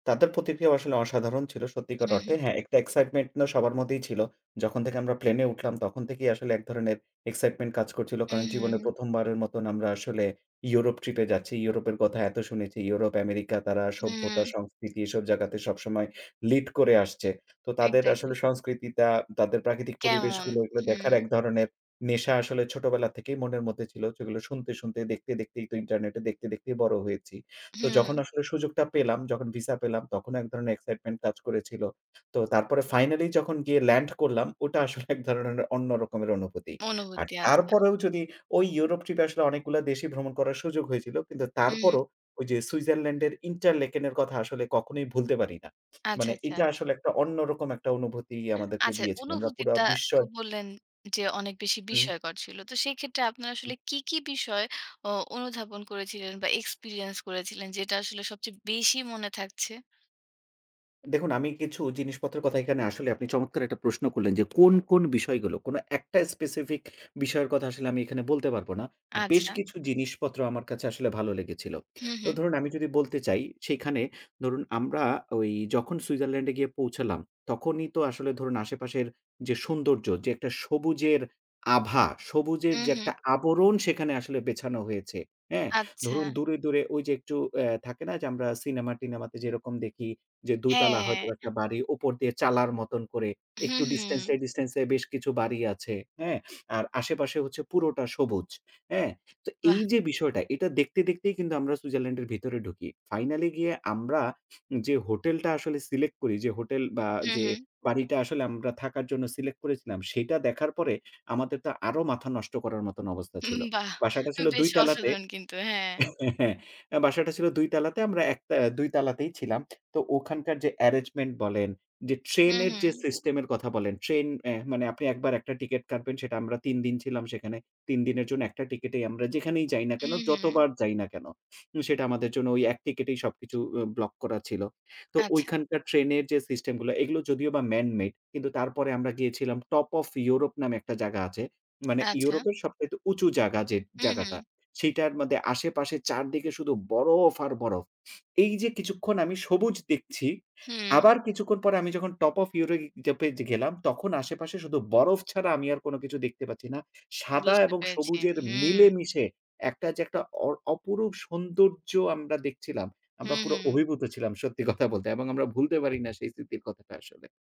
তাদের প্রতিক্রিয়াও আসলে অসাধারণ ছিল সত্যিকার হুম, হুম। অর্থে। হ্যাঁ, একটা excitement না সবার মধ্যেই ছিল। যখন থেকে আমরা প্লেনে উঠলাম তখন থেকেই আসলে এক ধরনের excitement কাজ করছিল। কারণ জীবনে উহু। ১ম, বারের মতন আমরা আসলে ইউরোপ ট্রিপে যাচ্ছি। ইউরোপের কথা এত শুনেছি ইউরোপ, আমেরিকা তারা সভ্যতা হু। সংস্কৃতি এসব জায়গাতে সবসময় লিড করে আসছে। তো তাদের এক্সাক্টলি। আসলে সংস্কৃতিটা, তাদের প্রাকৃতিক কেমন? পরিবেশগুলো এগুলো দেখার হু। এক ধরনের নেশা আসলে ছোটবেলা থেকেই মনের মধ্যে ছিল। সেগুলো শুনতে, শুনতেই, দেখতে দেখতেই তো ইন্টারনেটে দেখতে, দেখতেই বড় হয়েছি। তো যখন হু। আসলে সুযোগটা পেলাম, যখন ভিসা পেলাম তখন এক ধরনের excitement কাজ করেছিল। তো তারপরে ফাইনালি যখন গিয়ে ল্যান্ড করলাম ওটা আসলে এক ধরনের ন অন্য রকমের অনুভূতি। আর অনুভূতি আছে। তারপরেও যদি ওই ইউরোপ ট্রিপ এ আসলে অনেকগুলা দেশই ভ্রমণ করার সুযোগ হয়েছিল। কিন্তু উহু। তারপরেও ওই যে সুইজারল্যান্ডের Interlaken এর কথা আসলে কখনোই ভুলতে পারি না। আচ্ছা, মানে আচ্ছা। এটা আসলে একটা অন্যরকম একটা অনুভূতি আমাদেরকে আচ্ছা। দিয়েছে। আমরা অনুভূতির পুরা তা তো বিশ্বয় বললেন, যে অনেক বেশি উহু। বিষয়কর ছিল। তো সেক্ষেত্রে আপনারা আসলে কী, কী, বিষয় অ অনুধাবন করেছিলেন বা এক্সপেরিয়েন্স করেছিলেন যেটা আসলে সবচেয়ে বেশি মনে থাকছে? দেখুন আমি কিছু জিনিসপত্রের কথা এখানে আসলে আপনি চমৎকার একটা প্রশ্ন করলেন। যে কোন, কোন, বিষয়গুলো কোন একটা specific বিষয়ের কথা আসলে আমি এখানে বলতে পারব না। বেশ আচ্ছা। কিছু জিনিসপত্র আমার কাছে আসলে ভালো লেগেছিল। হু, তো হু। ধরুন আমি যদি বলতে চাই, সেখানে ধরুন আমরা ওই যখন সুইজারল্যান্ডে গিয়ে পৌঁছালাম। তখনই তো আসলে ধরুন আশেপাশের যে সৌন্দর্য যে একটা সবুজের আভা, সবুজের যে উহু। একটা আবরণ সেখানে আসলে বেছানো হয়েছে। হ্যাঁ? আচ্ছা। ধরুন দূরে, দূরে, ওই যে একটু অ্যা থাকে না যে আমরা সিনেমা-টিনেমাতে যেরকম দেখি। যে ২ তালা হয়তো হ্যাঁ। একটা বাড়ি উপর দিয়ে চালার মতন করে হু, একটু ডিসট্যান্স এ, হু। ডিসট্যান্স এ, বেশ কিছু বাড়ি আছে। অ্যা আর আশেপাশে হচ্ছে পুরোটা সবুজ। হ্যাঁ? তো এই বাহ! যে বিষয়টা এটা দেখতে, দেখতেই, কিন্তু আমরা সুইজারল্যান্ড এর ভিতরে ঢুকি। ফাইনালি গিয়ে আমরা যে হোটেলটা আসলে সিলেক্ট করি। যে হোটেল বা যে উহু। বাড়িটা আসলে আমরা থাকার জন্য সিলেক্ট করেছিলাম। সেটা দেখার পরে আমাদের তো আরো মাথা নষ্ট করার মতন অবস্থা উহু ছিল। বাহ! বাসাটা ছিল ২ বেশ তালাতে অসাধারণ কিন্তু। হ্যাঁ। হ্যাঁ, অ্যা বাসাটা ছিল ২ তালাতে আমরা একতে ২ তালাতেই ছিলাম। তো ওখানকার যে arrangement বলেন, যে হু, ট্রেনের যে হু। সিস্টেমের কথা বলেন, ট্রেন অ্যা মানে আপনি ১ বার একটা টিকেট কাটবেন সেটা আমরা ৩ দিন ছিলাম সেখানে। ৩ দিনের জন্য একটা টিকেটেই আমরা যেখানেই যাই না কেন উহু। যতবার যাই না কেন। সেটা আমাদের জন্য ওই এক টিকেটেই সবকিছু উ ব্লক করা ছিল। তো আচ্ছা। ঐখানকার ট্রেনের যে সিস্টেম গুলা এগুলো যদিও বা man made কিন্তু তারপরে আমরা গিয়েছিলাম টপ ওফ ইউরোপ নামে একটা জায়গা আছে। মানে আচ্ছা। ইউরোপের সবচাইতে উঁচু জায়গা যে জায়গাটা, উহু। সেটার মধ্যে আশেপাশে চারদিকে শুধু বরফ আর বরফ। এই যে কিছুক্ষণ আমি সবুজ দেখছি। হু। আবার কিছুক্ষণ পরে আমি যখন টপ ওফ ইউরোপ জ্যাপে যে গেলাম, তখন আশেপাশে শুধু বরফ ছাড়া আমি আর কোন কিছু দেখতে পাচ্ছি না। সাদা বুঝতে এবং পেরেছি। সবুজের হুম। মিলেমিশে একটা যে একটা অ অপরূপ সৌন্দর্য আমরা দেখছিলাম। হু, আমরা পুরো হু। অভিভূত ছিলাম সত্যি কথা বলতে এবং আমরা ভুলতে পারি না সেই স্মৃতির কথাটা আসলে।